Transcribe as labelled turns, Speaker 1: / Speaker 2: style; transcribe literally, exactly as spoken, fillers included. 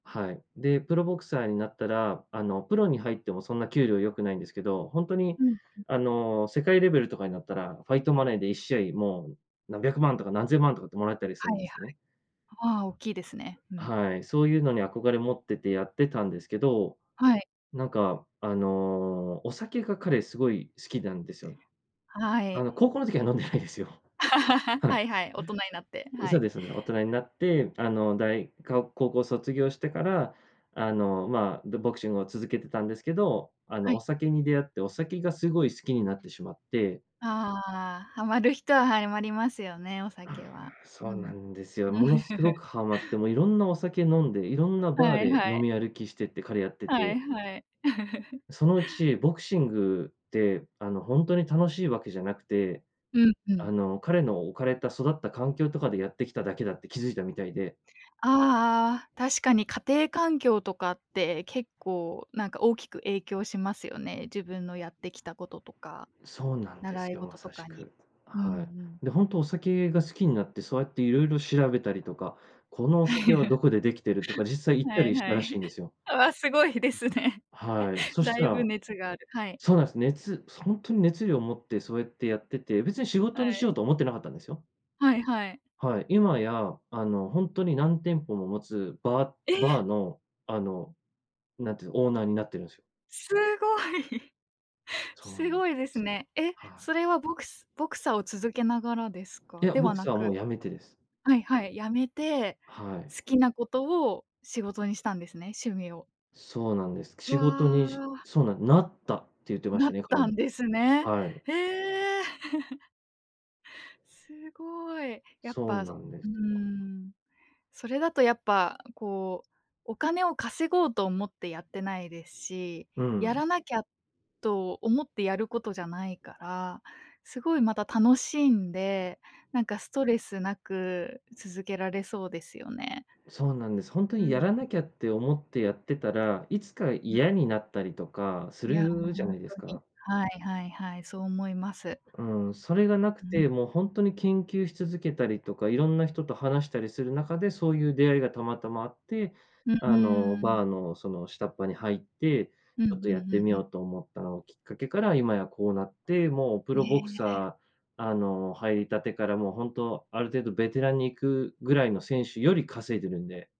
Speaker 1: はい。で、プロボクサーになったら、あのプロに入っても、そんな給料良くないんですけど、ほんとに
Speaker 2: うん、うん。
Speaker 1: あの世界レベルとかになったら、ファイトマネーでいっしあい、もう何百万とか何千万とかってもらえたりする
Speaker 2: は
Speaker 1: ん
Speaker 2: い
Speaker 1: で
Speaker 2: はい。
Speaker 1: すね。
Speaker 2: ああ、大きいですね。うん。
Speaker 1: はい、そういうのに憧れ持っててやってたんですけど、
Speaker 2: はい。
Speaker 1: なんか、あの、お酒が彼すごい好きなんですよ、
Speaker 2: は
Speaker 1: あ
Speaker 2: い。
Speaker 1: の、高校の時は飲んでないですよ。はい。
Speaker 2: はいはい、大人になって、は
Speaker 1: そう
Speaker 2: い。
Speaker 1: ですそうです、大人になってあの、大が高校卒業してから、あの、まあ、んどボクシングを続けてたんですけど、あの、
Speaker 2: は
Speaker 1: お
Speaker 2: い。
Speaker 1: 酒に出会って、お酒がすごい好きになってしまって。
Speaker 2: ああああああ、ハマる人は [unintelligible] ますよね、お酒は。
Speaker 1: そう
Speaker 2: う
Speaker 1: な
Speaker 2: ん。
Speaker 1: んですよ。ものすご くはまって、もういろんなお酒飲んで、いろんなバー
Speaker 2: はい
Speaker 1: で
Speaker 2: は
Speaker 1: 飲
Speaker 2: い。
Speaker 1: み歩きしてて彼やって
Speaker 2: は
Speaker 1: て
Speaker 2: いはい。
Speaker 1: そのうち、ボクシングって、あの、ほんとに楽しいわけじゃなくて、
Speaker 2: うん、う
Speaker 1: あ
Speaker 2: ん。
Speaker 1: の、彼の置かれた育った環境とかでやってきただけだって気づいたみたいで。
Speaker 2: ああああ、確かに家庭環境とかって、結構なんか大きく影響しますよね。自分のやってきたこととか、
Speaker 1: そうなんで
Speaker 2: 習
Speaker 1: す
Speaker 2: い
Speaker 1: よ、ま
Speaker 2: 事と
Speaker 1: さし
Speaker 2: かに。
Speaker 1: く、
Speaker 2: うんう
Speaker 1: はい。
Speaker 2: ん。
Speaker 1: で、ほんとお酒が好きになって、そうやって色々調べたりとか、このお酒はど こでできているとか、実際行った
Speaker 2: はい、
Speaker 1: りし
Speaker 2: は
Speaker 1: たらし
Speaker 2: い。
Speaker 1: いんですよ。
Speaker 2: わあ、すごいですね。
Speaker 1: はい、そし
Speaker 2: だ
Speaker 1: た
Speaker 2: いぶ
Speaker 1: ら
Speaker 2: 熱がある、はい。
Speaker 1: そうなんです。熱ほんとに熱量を持ってそうやってやってて、別に仕
Speaker 2: は
Speaker 1: 事にしよう
Speaker 2: い。
Speaker 1: と思ってなかったんですよ。
Speaker 2: はいはい。
Speaker 1: はい、今や、あの、ほんとに何店舗も持つバーバー
Speaker 2: え？
Speaker 1: の、あの、なんていうん、オーナーになっているんですよ。
Speaker 2: すごい。
Speaker 1: そう
Speaker 2: す
Speaker 1: なんで
Speaker 2: ごいです
Speaker 1: すよ。
Speaker 2: ね。え？
Speaker 1: はい。
Speaker 2: それはボクスボクサーを続けながらです
Speaker 1: い
Speaker 2: か？
Speaker 1: や、
Speaker 2: で
Speaker 1: ボ
Speaker 2: は
Speaker 1: ク
Speaker 2: な
Speaker 1: サーもう
Speaker 2: く。
Speaker 1: 辞めてです。
Speaker 2: はいはい、辞めて、
Speaker 1: はい。
Speaker 2: 好きなことを仕事にしたんですね、趣味を。
Speaker 1: そうなんです。
Speaker 2: わ
Speaker 1: 仕事に、し
Speaker 2: あ。
Speaker 1: そうなん、「なった」って言ってまし
Speaker 2: な
Speaker 1: た
Speaker 2: っ
Speaker 1: ね、彼
Speaker 2: た
Speaker 1: も、
Speaker 2: んですね。
Speaker 1: はい。
Speaker 2: ええ。すごい。やっ
Speaker 1: そう
Speaker 2: ぱ、
Speaker 1: な
Speaker 2: そ
Speaker 1: んで
Speaker 2: う
Speaker 1: すよ。
Speaker 2: ん。それだとやっぱこう、お金を稼ごうと思ってやってないですし、
Speaker 1: う
Speaker 2: や
Speaker 1: ん。
Speaker 2: らなきゃと思ってやることじゃないから、すごい、また楽しんで、なんかストレスなく続けられそうですよね。
Speaker 1: そうなんです。ほんと
Speaker 2: うん、
Speaker 1: に
Speaker 2: う
Speaker 1: やら
Speaker 2: ん。
Speaker 1: なきゃって思ってやってたら、いつか
Speaker 2: うん。
Speaker 1: 嫌になったりとかす
Speaker 2: いや、ほん
Speaker 1: るじゃ
Speaker 2: ほん
Speaker 1: ないです
Speaker 2: とに。
Speaker 1: か。
Speaker 2: はいはいはい、そう思います。
Speaker 1: うん、それが無く
Speaker 2: ううん。
Speaker 1: て、もうほんとに研究し続けたりとか、いろんな人と話したりする中で、そういう出会いがたまたまあって、
Speaker 2: ん、う
Speaker 1: あの、
Speaker 2: ーん。
Speaker 1: バーのその、下っ端に入って、
Speaker 2: うんう
Speaker 1: ちょ
Speaker 2: ん
Speaker 1: っとやっ
Speaker 2: う
Speaker 1: て
Speaker 2: ん
Speaker 1: み
Speaker 2: う
Speaker 1: よ
Speaker 2: ん。
Speaker 1: うと思ったのをきっかけから、今やこうなって、もうプ
Speaker 2: え
Speaker 1: ロボク
Speaker 2: えええ。
Speaker 1: サー、あの、入りたてから、もう本当ある程度ベテランに行くぐらいの選手より稼いでるんで。